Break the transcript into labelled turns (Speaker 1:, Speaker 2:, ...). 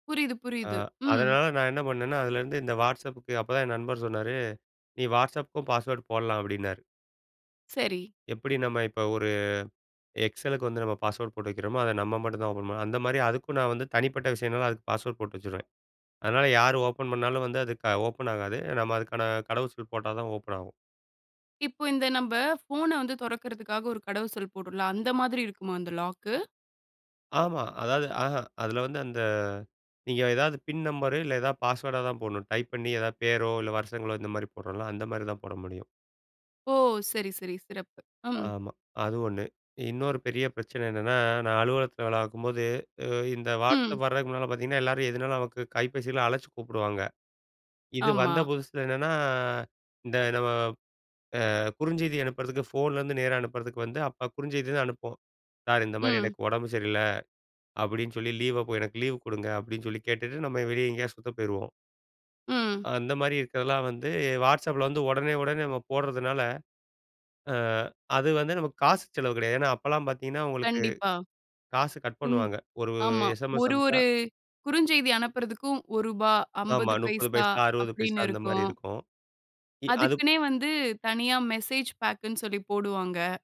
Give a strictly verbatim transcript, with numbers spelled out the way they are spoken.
Speaker 1: புரியுது,
Speaker 2: அ,
Speaker 1: புரியுது. ம்.
Speaker 2: அதனால நான் என்ன பண்ணேன்னா, அதுலேருந்து இந்த வாட்ஸ்அப் புக்கு. அப்போதான் என் நண்பர் சொன்னாரு, "நீ வாட்ஸ்அப்புக்கும் பாஸ்வேர்ட் போடலாம்" அப்டின்னாரு.
Speaker 1: சரி.
Speaker 2: எப்படி நம்ம இப்ப ஒரு எக்ஸல் லுக்கு வந்து நம்ம பாஸ்வேர்ட் போட்டு வெக்கிறமோ. அத நம்ம மட்டும் தான் ஓப்பன் பண்ண முடியும். அந்த மாதிரி அதுக்கும் நான் வந்து தனிப்பட்ட விஷயம்னால, அதுக்கு பாஸ்வேர்ட் போட்டு வச்சுருவேன். அதனால யார் ஓப்பன் பண்ணாலும் வந்து அது க ஓப்பன் ஆகாது. நம்ம அதுக்கான கடவு சொல் போட்டா தான் ஓப்பன் ஆகும்.
Speaker 1: இப்ப இந்த நம்ப, போன வந்து தொறக்கிறதுக்காக ஒரு கடவு சொல் போட்றோம்ல, அந்த மாதிரி இருக்குமா அந்த லாக் கு.
Speaker 2: ஆமா. அதாவது அஹ அதுல வந்து அந்த, நீங்க ஏதாவது பின் நம்பரு இல்ல ஏதாவது பாஸ்வேர்டா தான் போடணும். டைப் பண்ணி எதாவது பேரோ இல்ல வருஷங்களோ இந்த மாரி போடுறோம்ல, அந்த மாதிரி தான் போட முடியும்.
Speaker 1: ஓ! சரி, சரி, சிறப்பு. ம்.
Speaker 2: ஆமா. அது ஒண்ணு. இன்னொரு பெரிய பிரச்சனை என்னன்னா, நான் அலுவலகத்ல வேலை பார்க்கும்போது, இ இந்த வாட்ஸ்அப்
Speaker 1: ம்.
Speaker 2: வர்றதுக்கு முன்னால பார்த்தீங்கன்னா, எல்லாரும் எதுனாலும் நமக்கு கைப்பேசில அழைச்சு கூப்பிடுவாங்க. இது
Speaker 1: ஆமா.
Speaker 2: வந்த புதுசில என்னன்னா, இந்த நம்ம. அ குறுஞ்செய்தி அனுப்புறதுக்கு, ஃபோன்லருந்து நேரா அனுப்புறதுக்கு வந்து, அப்போ குறுஞ்செய்தி தான் அனுப்புவோம் "சார்" இந்த மாதிரி
Speaker 1: ம்.
Speaker 2: "எனக்கு ஒடம்பு சரியில்ல"அப்டின்னு சொல்லி லீவ "எனக்கு லீவு குடுங்க" அப்டின்னு சொல்லி கேட்டுட்டு நம்ம வெளிய எங்கேயாவது சுத்த போயிருவோம்.
Speaker 1: ம்.
Speaker 2: அந்த மாரி இருக்கிறதுலாம் வந்து வாட்ஸ்அப்ல வந்து, ஒடனே, ஒடனே நம்ம போட்றதுனால. அ அது வந்து நமக்கு காசு செலவு கெடையாது. ஏன்னா அப்பல்லாம் பார்த்தீங்கன்னா, உங்களுக்கு
Speaker 1: கண்டிப்பா.
Speaker 2: காசு கட்
Speaker 1: இன்
Speaker 2: பண்ணுவாங்க. ஒரு
Speaker 1: ஆமா.
Speaker 2: எஸ்எம்எஸ்
Speaker 1: ஒரு
Speaker 2: அனுப்ச்சா.
Speaker 1: ஒரு. குறுஞ்செய்தி அனுப்புறதுக்கும் ஒரு ரூபாய்,
Speaker 2: ஆமா
Speaker 1: அம்பது
Speaker 2: முப்பது
Speaker 1: பைசா
Speaker 2: பைசா, அறுபது பைசா
Speaker 1: அப்டின்னு
Speaker 2: அந்த மாரி
Speaker 1: இருக்கும்!
Speaker 2: இருக்கும். இ-அது
Speaker 1: அதுக்குன்னே வந்து தனியா மெசேஜ் பேக் ன்னு சொல்லி போடுவாங்க!